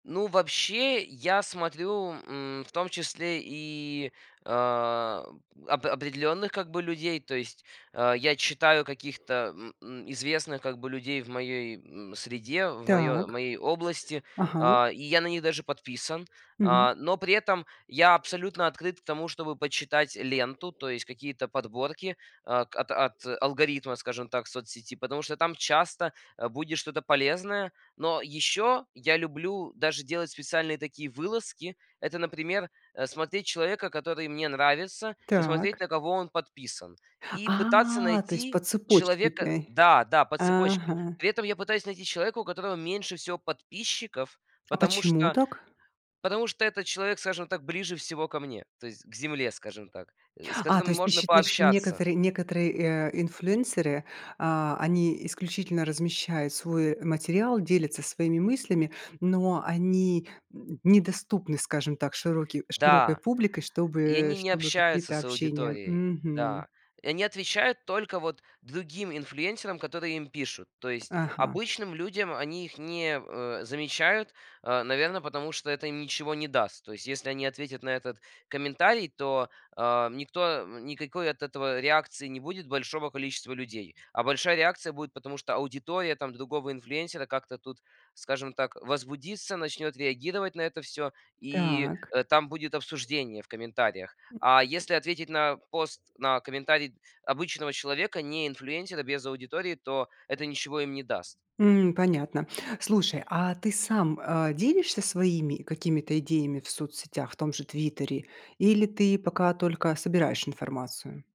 Ну, вообще, я смотрю, м, в том числе и, о, оп определённых, как бы, людей. То есть, о, я читаю каких-то, м м, известных, как бы, людей в моей, м, среде, в моё в Так. моей области. Ага. А, и я на них даже подписан. Мгм. А, но при этом я абсолютно открыт к тому, чтобы почитать ленту, то есть какие-то подборки, о, от от алгоритма, скажем так, соцсети, потому что там часто, э, будет что-то полезное. Но ещё я люблю даже делать специальные такие вылазки. Это, например, э, смотреть человека, который мне нравится, и смотреть, Так. на кого он подписан. И пытаться А, то есть по найти цепочке человека ты? Да, да, по цепочке. Ага. При этом я пытаюсь найти человека, у которого меньше всего подписчиков, А потому почему что, так? потому что этот человек, скажем так, ближе всего ко мне, то есть к земле, скажем так, э, с А, то которым есть ты можно считаешь, что пообщаться. некоторые некоторые, э, инфлюенсеры, а, они исключительно размещают свой материал, делятся своими мыслями, но они, м, недоступны, скажем так, широки широкой Да. публикой, чтобы И они не чтобы общаются какие-то с общения. аудиторией. Мгм. Да, и они отвечают только вот другим инфлюенсерам, которые им пишут. То есть Ага. обычным людям они их не, э, замечают, э, наверно, потому что это им ничего не даст. То есть если они ответят на этот комментарий, то, о, м, никто, м, никакой от этого реакции не будет большого количества людей. А большая реакция будет, потому что аудитория там другого инфлюенсера как-то тут, скажем так, возбудится, начнёт реагировать на это всё, и, Так. э, там будет обсуждение в комментариях. М. А если ответить на пост, на комментарий обычного человека, не инфлюенсера, без аудитории, то это ничего им не даст. М, понятно. Слушай, а ты сам, э, делишься своими какими-то идеями в соцсетях, в том же "Твиттере"? Или ты пока только собираешь информацию?